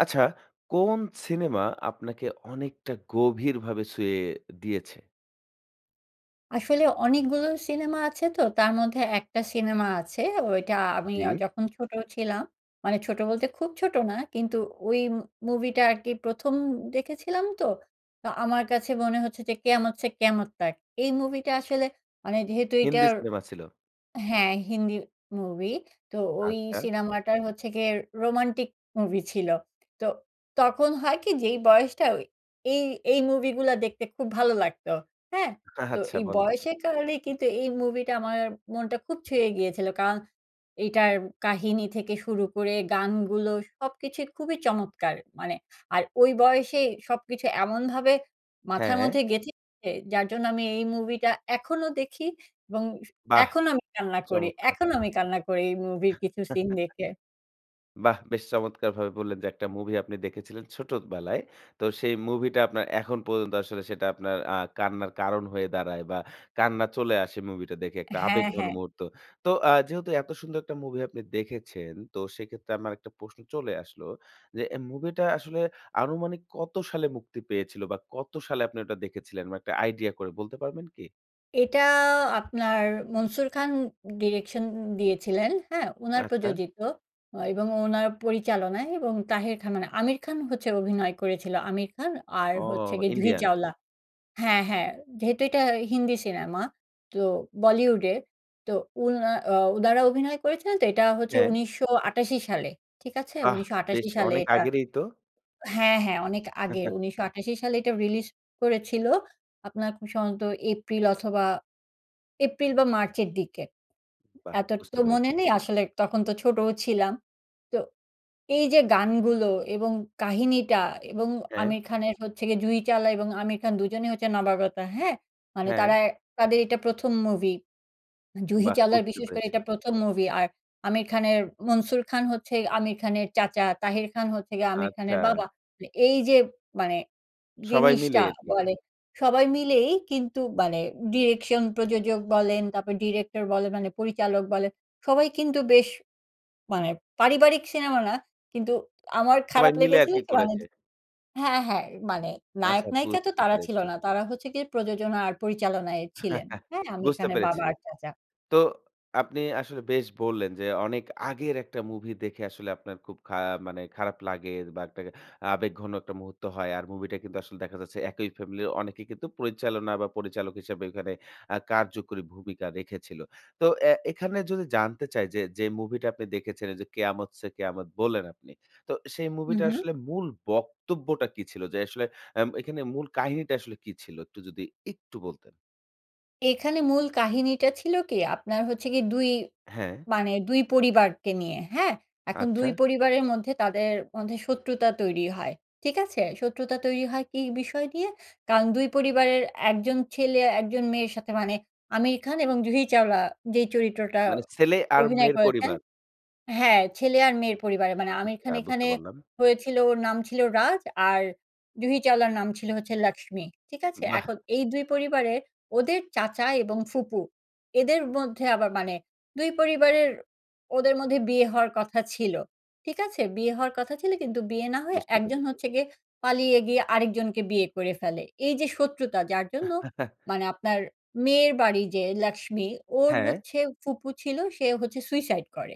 আচ্ছা, কোন সিনেমা আপনাকে অনেকটা গভীরভাবে ছুঁয়ে দিয়েছে? আসলে অনেকগুলো সিনেমা আছে, তো তার মধ্যে একটা সিনেমা আছে ঐটা আমি অ জ্বী। যখন ছোটো ছিলাম। মানে ছোট বলতে খুব ছোটো না, কিন্তু ঐ মুভিটা আরকি ১ম দেখেছিলাম তো, তো আমার কাছে মনে হচ্ছে যে 'কেয়ামত ছে কেয়ামত তাক' এই মুভিটা আসলে, মানে যেহেতু হিন্দি এটার সিনেমা ছিল। হ্যাঁ, হিন্দি মুভি। তো ঐ আচ্ছা। সিনেমাটার হচ্ছে গিয়ে রোমান্টিক মুভি ছিল। তো তখন হয় কি? যেই বয়সটা অই এই এই মুভি গুলা দেখতে খুব ভালো লাগতো। হ্যাঁ? তো আচ্ছা, এই বলেন। বয়সের কারণেই কিন্তু এই মুভিটা আমার মনটা খুব ছুঁয়ে গিয়েছিল। কারণ এইটার কাহিনী থেকে শুরু করে, গানগুলো সবকিছু খুবই চমৎকার! মানে আর ঐ বয়সেই সবকিছু এমনভাবে মাথার হ্যাঁ। মধ্যে গেঁথে গেছে, যার জন্য আমি এই মুভিটা এখনও দেখি, এবং স বাহ! এখনো আমি কান্না করি চমৎকার! এখনো আমি কান্না করি এই মুভির কিছু সিন দেখে। বাহ! বেশ চমৎকারভাবে বললেন যে একটা মুভি আপনি দেখেছিলেন ছোটবেলায়। তো সেই মুভিটা আপনার এখন পর্যন্ত আসলে সেটা আপনার আ কান্নার কারণ হয়ে দাঁড়ায়, বা কান্না চলে আসে মুভিটা দেখে একটা হ্যাঁ, আবেগঘন হ্যাঁ। মুহূর্ত। তো আ যেহেতু এত সুন্দর একটা মুভি আপনি দেখেছেন, তো সেক্ষেত্রে আমার একটা প্রশ্ন চলে আসলো। যে এ মুভিটা আসলে আনুমানিক কত সালে মুক্তি পেয়েছিল? বা কত সালে আপনি ওটা দেখেছিলেন বা একটা আইডিয়া করে বলতে পারবেন কি? এটা আপনার মনসুর খান direction দিয়েছিলেন, হ্যাঁ? ওনার আচ্ছা। প্রযোজিত অ এবং ওনার পরিচালনায় এবং তাহের খান, মানে আমির খান হচ্ছে অভিনয় করেছিল, আমির খান আর ও হচ্ছে গিয়ে জুহি ইন্ডিয়ান। চাওলা। হ্যাঁ, হ্যাঁ যেহেতু এটা হিন্দি সিনেমা। তো বলিউডের তো উনা আ উনারা অভিনয় করেছিলেন তো এটা হচ্ছে হ্যাঁ। ১৯৮৮ সালে ঠিক আছে? বাহ! উনিশশো বেশ আটাশি সালে অনেক এটা আগেরেই তো। হ্যাঁ, হ্যাঁ অনেক আগে ১৯৮৮ সালে এটা রিলিজ করেছিল। আপনার খুব সম্ভবত, এপ্রিল অথবা এপ্রিল বা মার্চের দিকে। বাহ! এত বুঝতে তো পেরেছি। মনে নেই আসলে তখন তো ছোটোও ছিলাম। তো এই যে গানগুলো এবং কাহিনীটা এবং হ্যাঁ। আমির খানের হচ্ছে গিয়ে জুহি চাওলা এবং আমির খান ২ জনেই হচ্ছে নাবাগত হ্যাঁ? মানে হ্যাঁ। তারা, তাদের এটা ১ম মুভি। জুহি বাহ! চাওলার বুঝতে বিশেষ করে পেরেছি। এটা ১ম মুভি আর আমির খানের, মনসুর খান হচ্ছে আমির খানের চাচা, তাহির খান হচ্ছে গিয়ে আমির খানের আচ্ছা। বাবা। তো এই যে মানে সবাই মিলে জিনিসটা আরকি। বলে। সবাই মিলেই কিন্তু মানে direction প্রযোজক বলেন, তারপর ডিরেক্টর বলেন মানে পরিচালক বলেন। সবাই কিন্তু বেশ মানে পারিবারিক সিনেমা না। কিন্তু আমার সবাই খারাপ মিলে লেগেছিল আরকি কি? মানে করেছে। য হ্যাঁ, হ্যাঁ মানে আচ্ছা নায়ক-নায়িকা তো বুঝতে তারা ছিল পেরেছি। না। তারা হচ্ছে গিয়ে প্রযোজনা আর পরিচালনায় ছিলেন। হ্যাঁ? আমির বুঝতে খানের বাবা পেরেছি। আর চাচা। তো আপনি আসলে বেশ বললেন, যে অনেক আগের একটা মুভি দেখে আসলে আপনার খুব খা মানে খারাপ লাগে বা একটা আবেগঘন একটা মুহূর্ত হয়। আর মুভিটা কিন্তু আসলে দেখা যাচ্ছে একই ফ্যামিলির অনেকেই কিন্তু পরিচালনা বা পরিচালক হিসাবে ওইখানে আ কার্যকরী ভূমিকা রেখেছিল। তো অ্যা এখানে যদি জানতে চাই যে, যে মুভিটা আপনি দেখেছিলেন যে, 'কেয়ামত সে কেয়ামত' বললেন আপনি তো সেই মুভিটা উহু। আসলে মূল বক্তব্যটা কি ছিল? যে আসলে এম এখানে মূল কাহিনীটা আসলে কী ছিল? একটু যদি একটু বলতেন। এখানে মূল কাহিনীটা ছিল কি? আপনার হচ্ছে কি? দুই হ্যাঁ। মানে ২ পরিবারকে নিয়ে, হ্যাঁ? এখন আচ্ছা। ২ পরিবারের মধ্যে তাদের মধ্যে শত্রুতা তৈরি হয়। ঠিক আছে? শত্রুতা তৈরি হয় কী বিষয় দিয়ে? কারণ ২ পরিবারের একজন ছেলে একজন মেয়ের সাথে মানে 'আমির খান' এবং 'জুহি চাওলা' যেই চরিত্রটা মানে ছেলে আর অভিনয় মেয়ের করেছেন পরিবার? হ্যাঁ, ছেলে আর মেয়ের পরিবারে মানে আমির আচ্ছা খান বুঝতে এখানে পারলাম। হয়েছিল ওর নাম ছিল 'রাজ' আর জুহি চাওলার নাম ছিল হচ্ছে 'লাক্সমি।' ঠিক আছে? বাহ! এখন এই ২ পরিবারের ওদের চাচা এবং ফুপু এদের মধ্যে আবার মানে ২ পরিবারের ওদের মধ্যে বিয়ে হওয়ার কথা ছিল। ঠিক আছে? বিয়ে হওয়ার কথা ছিল, কিন্তু বিয়ে না হয়ে বুঝতে একজন পেরেছি। হচ্ছে গিয়ে পালিয়ে গিয়ে আরেকজনকে বিয়ে করে ফেলে। এইযে শত্রুতা যার জন্য মানে আপনার মেয়ের বাড়ি যে লাক্সমি ওর হ্যাঁ। হচ্ছে ফুপু ছিল সে হচ্ছে সুইসাইড করে,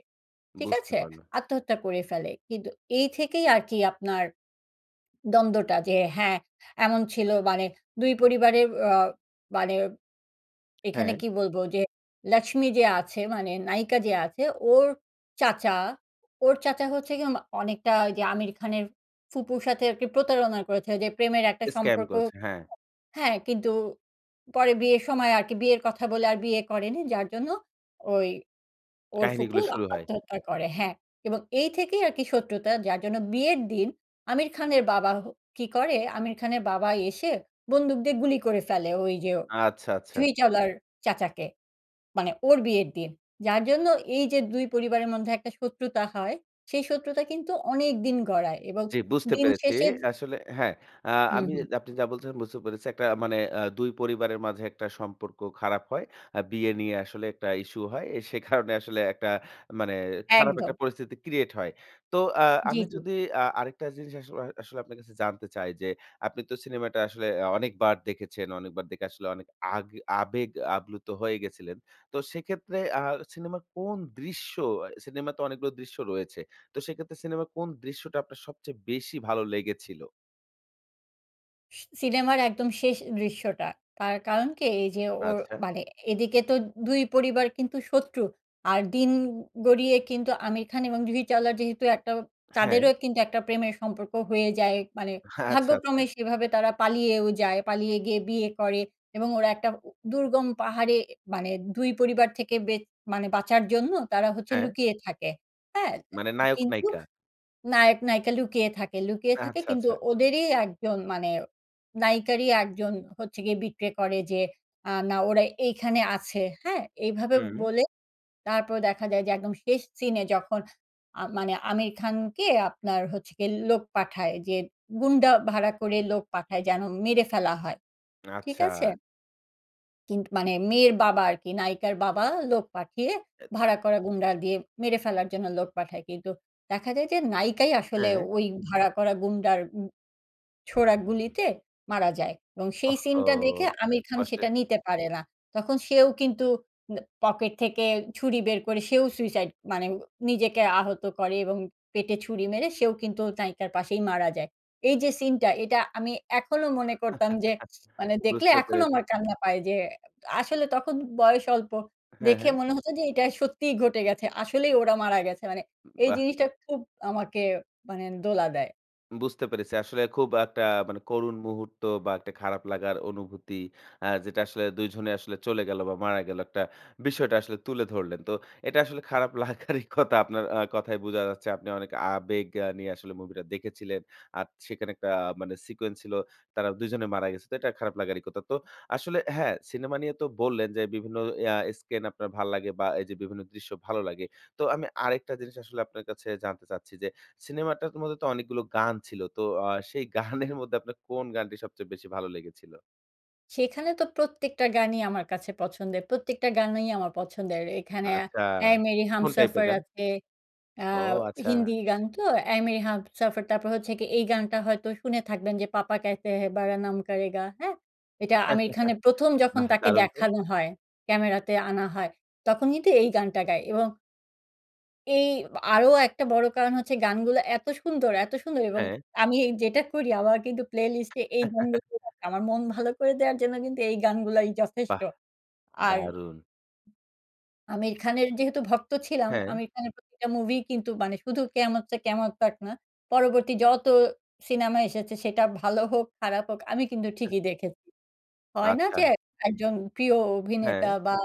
ঠিক বুঝতে আছে? পারলাম। আত্মহত্যা করে ফেলে। কিন্তু এই থেকেই আরকি আপনার দ্বন্দ্বটা। যে হ্যাঁ, এমন ছিল মানে ২ পরিবারের অ মানে এখানে হ্যাঁ। কি বলব? যে লাক্সমি যে আছে, মানে নায়িকা যে আছে ওর চাচা ওর চাচা হচ্ছে গিয়ে আম অনেকটা ঐযে আমির খানের ফুপুর সাথে আরকি প্রতারণা করেছে ঐযে প্রেমের একটা স্ক্যাম সম্পর্ক করছে হ্যাঁ। হ্যাঁ, কিন্তু পরে বিয়ের সময় আর কি বিয়ের কথা বলে আর বিয়ে করেনি, যার জন্য ওই ওর ফুপু কাহিনীগুলো আ শুরু হয়। আত্মহত্যা করে হ্যাঁ এবং এই থেকেই আর কি শত্রুতা যার জন্য বিয়ের দিন আমির খানের বাবা হ কী করে? আমির খানের বাবা এসে বন্দুক দিয়ে গুলি করে ফেলে ওই যে আচ্ছা, আচ্ছা। জুহি চাওলা'র চাচাকে। মানে ওর বিয়ের দিন। যার জন্য এইযে ২ পরিবারের মধ্যে একটা শত্রুতা হয়। সেই শত্রুতা কিন্তু অনেক দিন গড়ায় এবং জি, বুঝতে দিন পেরেছি। শেষের আসলে হ্যাঁ, আ হুম, আমি হুম। আপনি যা বলছেন বুঝতে পেরেছি। একটা মানে আ ২ পরিবারের মাঝে একটা সম্পর্ক খারাপ হয়। আ বিয়ে নিয়ে আসলে একটা ইস্যু হয়। এ সে কারণে আসলে একটা মানে খারাপ একটা একদম। পরিস্থিতি ক্রিয়েট হয়। তো আ জি, আমি জি। যদি আ আরেকটা জিনিস আসলে আসলে আপনার কাছে জানতে চাই যে আপনি তো সিনেমাটা আসলে আ অনেকবার দেখেছেন। অনেকবার দেখে আসলে অনেক আগে আবেগ আপ্লুত হয়ে গেছিলেন। তো সেক্ষেত্রে আ সিনেমার কোন দৃশ্য আ সিনেমাতে অনেকগুলো দৃশ্য রয়েছে। তো সেক্ষেত্রে সিনেমার কোন দৃশ্যটা আপনার সবচেয়ে বেশি ভালো লেগেছিল? স সিনেমার একদম শেষ দৃশ্যটা, তার কারণ কি? এই যে ওর আচ্ছা। মানে এদিকে তো ২ পরিবার কিন্তু শত্রু আর দিন গড়িয়ে কিন্তু আমির খান এবং জুহি চাওলার যেহেতু একটা হ্যাঁ। তাদেরও কিন্তু একটা প্রেমের সম্পর্ক হয়ে যায় মানে, আচ্ছা, ভাগ্যক্রমে আচ্ছা। সেভাবে তারা পালিয়েও যায়। পালিয়ে গিয়ে বিয়ে করে এবং ওরা একটা উ টা দুর্গম পাহাড়ে মানে ২ পরিবার থেকে বেঁ মানে বাঁচার জন্য তারা হচ্ছে হ্যাঁ। লুকিয়ে থাকে। হ্যাঁ? মানে নায়ক কিন্তু নায়িকা? নায়ক, নায়িকা লুকিয়ে থাকে লুকিয়ে থাকে আচ্ছা, কিন্তু আচ্ছা। ওদেরই একজন মানে নায়িকারই একজন হচ্ছে গিয়ে betray করে যে না আ ওরা এইখানে আছে। হ্যাঁ? এইভাবে হুম। বলে। তারপর দেখা যায় যে একদম শেষ সিনে যখন আ মানে আমির খানকে আপনার হচ্ছে গিয়ে লোক পাঠায় যে গুণ্ডা ভাড়া করে লোক পাঠায় যেন মেরে ফেলা হয়। ঠিক আচ্ছা। আছে? কিন্তু মানে মেয়ের বাবা আরকি, নায়িকার বাবা, লোক পাঠিয়ে এ ভাড়া করা গুন্ডা দিয়ে মেরে ফেলার জন্য লোক পাঠায়। কিন্তু দেখা যায় যে নায়িকাই আসলে হ্যাঁ। ওই ভাড়া করা গুন্ডার উ ছোড়া গুলিতে মারা যায় এবং সেই ওহহো! সিনটা দেখে আমির খান সেটা কষ্টের। নিতে পারে না। তখন সেও কিন্তু ন পকেট থেকে ছুরি বের করে সেও suicide মানে নিজেকে আহত করে এবং পেটে ছুরি মেরে সেও কিন্তু নায়িকার পাশেই মারা যায়। এই যে সিনটা এটা আমি এখনো মনে করতাম যে, মানে দেখলে বুঝতে এখনো পেরেছি। আমার কান্না পায় যে এ আসলে তখন বয়স অল্প। হ্যাঁ, দেখে হ্যাঁ। মনে হতো যে এটা সত্যিই ঘটে গেছে। আসলেই ওরা মারা গেছে। মানে এই বাহ! জিনিসটা খুব আমাকে মানে দোলা দেয়। বুঝতে পেরেছি। আসলে খুব একটা মানে করুণ মুহূর্ত বা একটা খারাপ লাগার অনুভূতি আ যেটা আসলে দুই জনে আসলে চলে গেলো, বা মারা গেলো একটা, বিষয়টা আসলে তুলে ধরলেন। তো এটা আসলে খারাপ লাগারই কথা আপনার আ কথায় বুঝা যাচ্ছে। আপনি অনেক আবেগ আ নিয়ে আসলে মুভিটা দেখেছিলেন। আর সেখানে একটা মানে সিকোয়েন্স ছিলো তারা দুই জনে মারা গেছে। তো এটা খারাপ লাগারই কথা তো আসলে হ্যাঁ, সিনেমা নিয়ে তো বললেন যে বিভিন্ন ইয়া স্কেন আপনার ভাল্লাগে বা এইযে বিভিন্ন দৃশ্য ভালো লাগে। তো আমি আরেকটা জিনিস আসলে আপনার কাছে জানতে চাচ্ছি, যে সিনেমাটা মধ্যে তো অনেকগুলো গান ছিল। তো আ সেই গানের মধ্যে আপনার কোন গানটি সবচেয়ে বেশি ভালো লেগেছিল? সেখানে তো প্রত্যেকটা গানই আমার কাছে পছন্দের প্রত্যেকটা গানই আমার পছন্দের। এখানে আচ্ছা! অ্যা 'এ মেরি কোন টাইপের হামসফর' গান? আছে। আ ও আচ্ছা! হিন্দি গান তো। 'এ মেরি হামসফর' তারপর হচ্ছে কি এই গানটা হয়তো শুনে থাকবেন যে 'পাপা ক্যাহেতে হে বারা নাম কারে গা।' হ্যাঁ? এটা আমির খানের ১ম যখন বাহ তাকে দারুণ তো! দেখানো হয়, ক্যামেরাতে আনা হয়। তখন কিন্তু এই গানটা গায় এবং এই বা আরো একটা বড় কারণ হচ্ছে গানগুলা এত সুন্দর এত সুন্দর! এবং হ্যাঁ। আমি এই যেটা করি আমার কিন্তু প্লেলিস্ট এ এই গান গু [unintelligible] আমার মন ভালো করে দেওয়ার জন্য কিন্তু এই গানগুলাই যথেষ্ট। বাহ! আর দারুণ! আমির খানের যেহেতু ভক্ত ছিলাম। হ্যাঁ। আমির খানের প্রতিটা মুভি কিন্তু মানে শুধু 'কেয়ামত সে কেয়ামত তাক' না, পরবর্তী যত সিনেমা এসেছে সেটা ভালো হোক, খারাপ হোক আমি কিন্তু হ্যাঁ। ঠিকই দেখেছি। হয় না আচ্ছা। যে এক একজন প্রিয় অভিনেতা হ্যাঁ। বা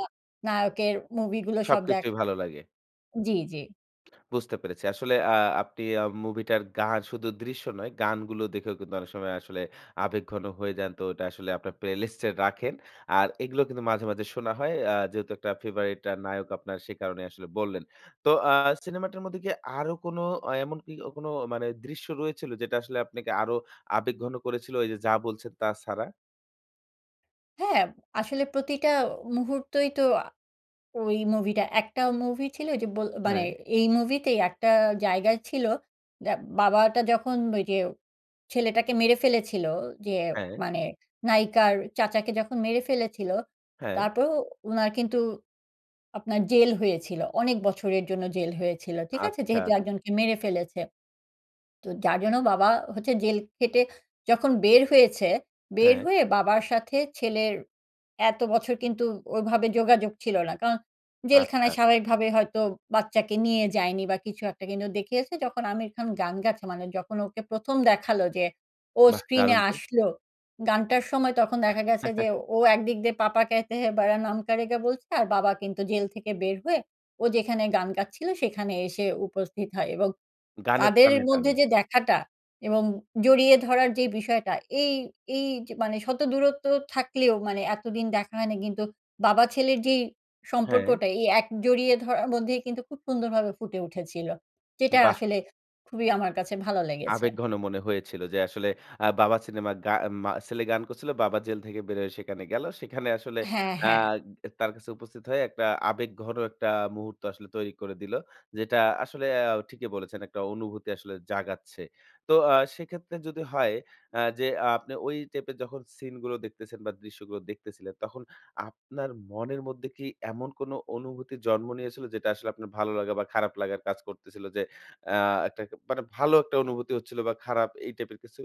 নায়কের মুভিগুলো সব সবকিছুই দেখা ভালো লাগে। জি, জি। বুঝতে পেরেছি। আসলে আ আপনি আ মুভিটার গান শুধু দৃশ্য নয়, গানগুলো দেখেও কিন্তু অনেক সময় আসলে আবেগঘন হয়ে যান। তো ওটা আসলে আপনার playlist এ রাখেন। আর এগুলো কিন্তু মাঝে, মাঝে শোনা হয়। আ যেহেতু একটা favorite আ নায়ক আপনার সে কারণেই আসলে বললেন। তো আ সিনেমাটার মধ্যে কি আরো কোন এ এমন কি কোন মানে দৃশ্য রয়েছিল? যেটা আসলে আপনাকে আরো আবেগঘন করেছিল এই যে যা বলছেন তা ছাড়া? হ্যাঁ, আসলে প্রতিটা অ মুহূর্তেই তো আ ওই মুভিটা একটাও মুভি ছিল ওইযে বল মানে হ্যাঁ। এই মুভিতেই একটা জায়গায় ছিল। যা বাবাটা যখন ওই যে ছেলেটাকে মেরে ফেলেছিল যে হ্যাঁ। মানে নায়িকার চাচাকে যখন মেরে ফেলেছিল, হ্যাঁ। তারপরও উনার কিন্তু আপনার জেল হয়েছিল। অনেক বছরের জন্য জেল হয়েছিল। ঠিক আছে? যেহেতু আচ্ছা। একজনকে মেরে ফেলেছে। তো যার জন্য বাবা হচ্ছে জেল খেটে যখন বের হয়েছে, বের হ্যাঁ। হয়ে বাবার সাথে ছেলের এত বছর কিন্তু ওইভাবে যোগাযোগ ছিল না, কারণ আচ্ছা। জেলখানায় স্বাভাবিকভাবে হয়তো বাচ্চাকে নিয়ে যায়নি বা কিছু একটা। কিন্তু দেখিয়েছে যখন আমির খান গান গাচ্ছে মানে যখন ওকে প্রথম দেখালো যে ও বাহ! স্ক্রিনে দারুণ তো। আসলো, গানটার সময় তখন দেখা গেছে যে ও একদিক দিয়ে 'পাপা কেহতেহে বারা নাম কারেগা' বলছে আর বাবা কিন্তু জেল থেকে বের হয়ে ও যেখানে গান গাচ্ছিলো সেখানে এসে উপস্থিত হয় এবং গানের তাদের এ টানে, মধ্যে টানে। যে দেখাটা এবং জড়িয়ে ধরার যে বিষয়টা এই এই যে মানে শত দূরত্ব থাকলেও মানে এতদিন দেখা হয়নি কিন্তু বাবা ছেলের যেই হ্যাঁ। সম্পর্কটা এই এক জড়িয়ে ধরার মধ্যেই কিন্তু খুব সুন্দরভাবে ফুটে উঠেছিল। যেটা বাহ! আসলে খুবই আমার কাছে ভালো লেগেছে। আবেগঘন মনে হয়েছিল যে আসলে আ বাবা সিনেমার গা মা ছেলে গান করছিল। "বাবা জেল থেকে বের হয়ে সেখানে গেল। সেখানে আসলে হ্যাঁ, আ হ্যাঁ। গ তার কাছে উপস্থিত হয়ে একটা আবেগঘন একটা মুহূর্ত আসলে তৈরি করে দিলো।" যেটা আসলে অ্যা ঠিকই বলেছেন একটা অনুভূতি আসলে জাগাচ্ছে। তো আ সেক্ষেত্রে যদি হয় অ্যা যে আ আপনি ওই টাইপের যখন সিনগুলো দেখতেছেন বা দৃশ্যগুলো দেখতেছিলেন, তখন আপনার মনের মধ্যে কি এমন কোন অনুভূতি জন্ম নিয়েছিল? যেটা আসলে আপনার ভালো লাগা বা খারাপ লাগার কাজ করতেছিল? যে আ একটা ক মানে ভালো একটা অনুভূতি হচ্ছিল বা খারাপ এই টাইপের কিছু?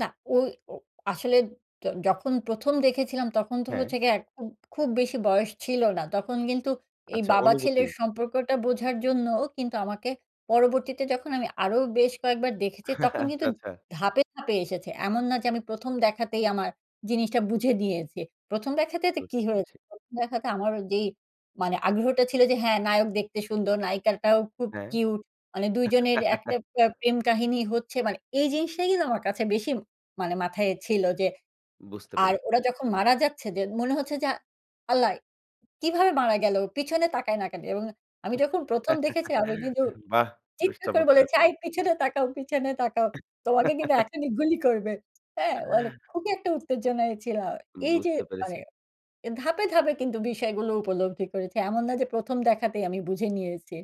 না, ঐ ও আসলে য যখন ১ম দেখেছিলাম, তখন তো হ্যাঁ। হচ্ছে গিয়ে একদম খুব বেশি বয়স ছিল না। তখন কিন্তু এই আচ্ছা, বাবা অনুভূতি। ছেলের সম্পর্কটা বোঝার জন্যও কিন্তু আমাকে পরবর্তীতে, যখন আমি আরও বেশ কয়েকবার দেখেছি, তখন আচ্ছা, কিন্তু আচ্ছা। ধাপে, ধাপে এসেছে। এমন না যে, আমি ১ম দেখাতেই আমার জিনিসটা বুঝে নিয়েছি। ১ম দেখাতে তে কী বুঝতে হয়ে পেরেছি। ১ম দেখাতে আমার ওই যেই মানে আগ্রহটা ছিল যে, হ্যাঁ, নায়ক দেখতে সুন্দর, নায়িকাটাও খুব হ্যাঁ। কিউট। মানে ২ জনের একটা প্র প্রেম কাহিনী হচ্ছে, মানে এই জিনিসটাই কিন্তু আমার কাছে বেশি মানে মাথায় ছিল যে। বুঝতে আর পেরেছি। ওরা যখন মারা যাচ্ছে, যে মনে হচ্ছে যে, “আল্লাহ! কীভাবে মারা গেলো? পিছনে তাকায় না কেন?” এবং আমি যখন ১ম দেখেছি, আমি কিন্তু বাহ! বেশ চিৎকার করে চমৎকার। বলেছি “আই, পিছনে তাকাও, পিছনে তাকাও। তোমাকে কিন্তু এখনই গুলি করবে।” হ্যাঁ? মানে খুবই একটা উত্তেজনায় ছিলাম। এই যে বুঝতে মানে পেরেছি। এ ধাপে, ধাপে কিন্তু বিষয়গুলো উপলব্ধি করেছি। এমন না যে, ১ম দেখাতেই আমি বুঝে নিয়েছি।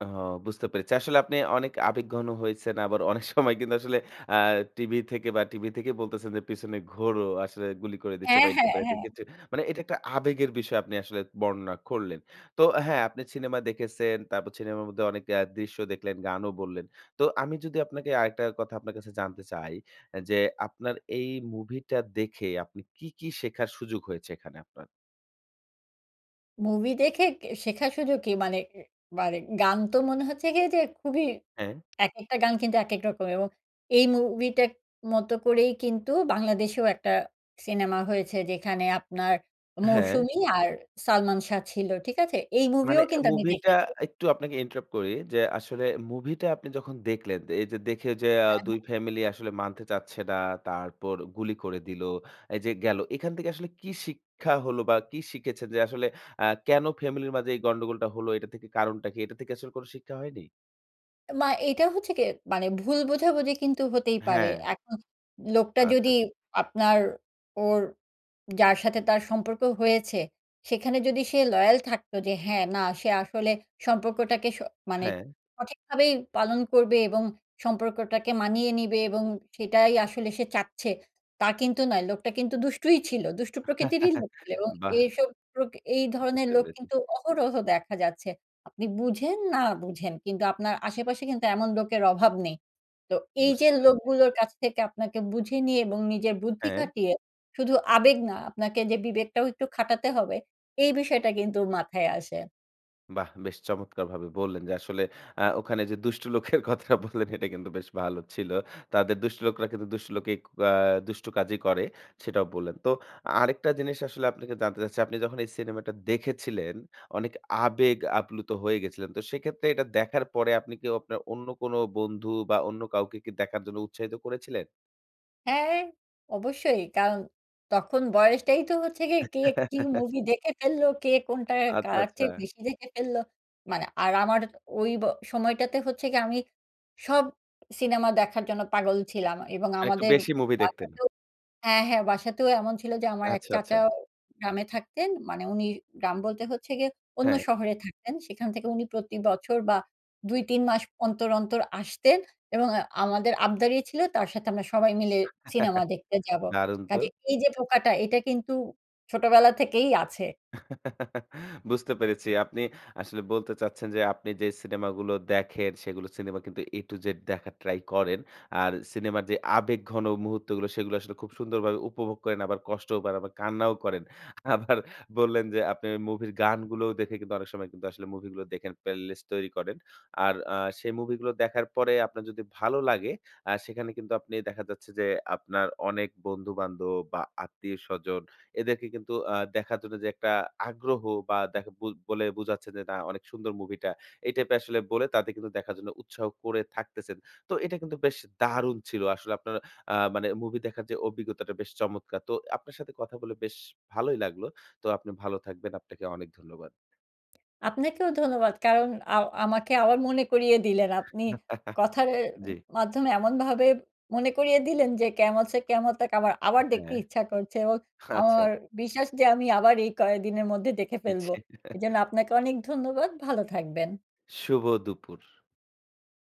ও বুঝতে পেরেছি। আসলে আপনি অনেক আবেগঘন হয়েছেন। আবার অনেক সময় কিন্তু আসলে আ টিভি থেকে বা টিভি থেকে বলতেছেন যে, “পিছনে ঘোরো, আসলে গুলি করে দিচ্ছে” হ্যাঁ, বা এই হ্যাঁ, টাইপের একটা হ্যাঁ। কিছু। মানে এটা একটা আবেগের বিষয়, আপনি আসলে বর্ণনা করলেন। তো হ্যাঁ, আপনি সিনেমা দেখেছেন। তারপর সিনেমার মধ্যে অনেক এ দৃশ্য দেখলেন, গানও বললেন। তো আমি যদি আপনাকে আরেকটা কথা আপনার কাছে জানতে চাই এ যে, আপনার এই মুভিটা দেখে আপনি কি, কি শেখার সুযোগ হয়েছে এখানে আপনার? মুভি দেখে কে শেখা শুধু কি মানে, এ মানে গান তো মনে হচ্ছে গিয়ে যে খুবই হ্যাঁ। একেকটা গান কিন্তু একেক রকম এবং এই মুভিটার মতো করেই কিন্তু বাংলাদেশেও একটা সিনেমা হয়েছে, যেখানে আপনার হ্যাঁ। 'মৌসুমি' আর 'সালমান শাহ' ছিল, ঠিক আছে? এই মুভিও মানে অ্যা কিন্তু আমি মুভিটা দেখেছি। একটু আপনাকে interrupt করি যে, আসলে মুভিটা আপনি যখন দেখলেন, দে এই যে দেখে যে আ হ্যাঁ, হ্যাঁ। ২ ফ্যামিলি আসলে মানতে চাচ্ছে না, তারপর গুলি করে দিলো। এই যে গেলো। এখান থেকে আসলে কি শিক্ষা হল বা কি শিখেছেন যে আসলে আ কেন ফ্যামিলির মাঝে এই গন্ডগোলটা হলো? এটা থেকে কারণটা কি? এটা থেকে আসলে কোন শিক্ষা হয়নি? মা এইটা হচ্ছে কি, মানে ভুল বোঝাবোঝি কিন্তু হতেই পারে, হ্যাঁ। এখন লোকটা আচ্ছা, যদি আচ্ছা। আপনার ওর যার সাথে তার সম্পর্ক হয়েছে, সেখানে যদি সে লয়াল থাকতো যে, হ্যাঁ না সে আসলে সম্পর্কটাকে স মানে হ্যাঁ। সঠিকভাবেই পালন করবে এবং সম্পর্কটাকে মানিয়ে নিবে এবং সেটাই আসলে সে চাচ্ছে, তা কিন্তু নয় লোকটা কিন্তু দুষ্টুই ছিল, দুষ্টু প্রকৃতিরই লোক ছিল এবং বাহ! এসব প্রকৃ এই ধরনের বুঝতে লোক পেরেছি। কিন্তু অহরহ দেখা যাচ্ছে। আপনি বুঝেন না বুঝেন, কিন্তু আপনার আশেপাশে কিন্তু এমন লোকের অভাব নেই। তো এই যে বুঝতে পেরেছি। লোকগুলোর কাজ থেকে আপনাকে বুঝে নিয়ে এবং নিজের বুদ্ধি হ্যাঁ। খাটিয়ে, শুধু আবেগ না আপনাকে যে বিবেকটাও একটু খাটাতে হবে, এই বিষয়টা কিন্তু মাথায় আসে। বাহ! বেশ চমৎকারভাবে বললেন যে, আসলে আ ওখানে যে দুষ্ট লোকের কথাটা বললেন এটা কিন্তু বেশ ভালো ছিল। তাদের দুষ্ট লোকরা কিন্তু দুষ্ট লোকেক আ দুষ্ট কাজই করে সেটাও বললেন। তো আরেকটা জিনিস আসলে আপনাকে জানতে চাচ্ছি, আপনি যখন এই সিনেমাটা দেখেছিলেন অনেক আবেগ আপ্লুত হয়ে গেছিলেন। তো সেই ক্ষেত্রে এটা দেখার পরে আপনি কি আপনার অন্য কোনো বন্ধু বা অন্য কাউকে কি দেখার জন্য উৎসাহিত করেছিলেন? হ্যাঁ, অবশ্যই। কারণ তখন বয়সটাই তো হচ্ছে গিয়ে কে কি মুভি দেখে ফেললো? কে কোনটা আচ্ছা, কার চেয়ে আচ্ছা। বেশি দেখে ফেললো? মানে আর আমার ওই ব সময়টাতে হচ্ছে কি? আমি সব সিনেমা দেখার জন্য পাগল ছিলাম। এবং মানে একটু আমাদের বেশি মুভি দেখতেন। বাসাতেও হ্যাঁ, হ্যাঁ। বাসাতেও এমন ছিল যে আমার এক আচ্ছা, আচ্ছা। চাচাও গ্রামে থাকতেন। মানে উনি গ্রাম বলতে হচ্ছে গিয়ে অন্য হ্যাঁ। শহরে থাকতেন। সেখান থেকে উনি প্রতি বছর বা ২-৩ মাস অন্তর, অন্তর আসতেন এবং আ আমাদের আবদারই ছিল তার সাথে আমরা সবাই মিলে সিনেমা দেখতে যাবো। দারুন তো! কাজে এইযে পোকাটা এটা কিন্তু ছোটোবেলা থেকেই আছে। বুঝতে পেরেছি। আপনি আসলে বলতে চাচ্ছেন যে আপনি যে সিনেমাগুলো দেখেন, সেগুলো সিনেমা কিন্তু এ টু জেড দেখার ট্রাই করেন, আর সিনেমার যে আবেগঘন মুহূর্তগুলো সেগুলো আসলে খুব সুন্দরভাবে উপভোগ করেন, আবার কষ্টও পান, আবার কান্নাও করেন। আবার বললেন যে আপনি ওই মুভির গানগুলোও দেখে কিন্তু অনেক সময় কিন্তু আসলে মুভিগুলো দেখেন প্লেলিস্ট তৈরি করেন। আর আ সেই মুভিগুলো দেখার পরে আপনার যদি ভালো লাগে আ সেখানে কিন্তু আপনি দেখা যাচ্ছে যে আপনার অনেক বন্ধু-বান্ধব বা আত্মীয়-স্বজন এদেরকে কিন্তু আ দেখার জন্য যে একটা আগ্রহ বা দেখ বু বলে বুঝাচ্ছেন যে, "না, অনেক সুন্দর মুভিটা।" এই টাইপের আসলে বলে তাদের কিন্তু দেখার জন্য উৎসাহ করে থাকতেছেন। তো এটা কিন্তু বেশ দারুণ ছিল। আসলে আপনার আ মানে মুভি দেখার যে অভিজ্ঞতাটা বেশ চমৎকার। তো আপনার সাথে কথা বলে বেশ ভালোই লাগলো, তো আপনি ভালো থাকবেন। আপনাকে অনেক ধন্যবাদ। আপনাকেও ধন্যবাদ। কারণ আ আমাকে আবার মনে করিয়ে দিলেন। আপনি কথার এ জি। মাধ্যমে এমনভাবে মনে করিয়ে দিলেন যে 'কেয়ামত ছে কেয়ামত তাক' আবার, এ আবার দেখতে ইচ্ছা করছে। এবং হ্যাঁ, আচ্ছা। আমার বিশ্বাস যে আমি আবার এই কয়দিনের মধ্যে দেখে জি। ফেলবো। এজন্য আপনাকে অনেক ধন্যবাদ, ভালো থাকবেন। শুভ দুপুর!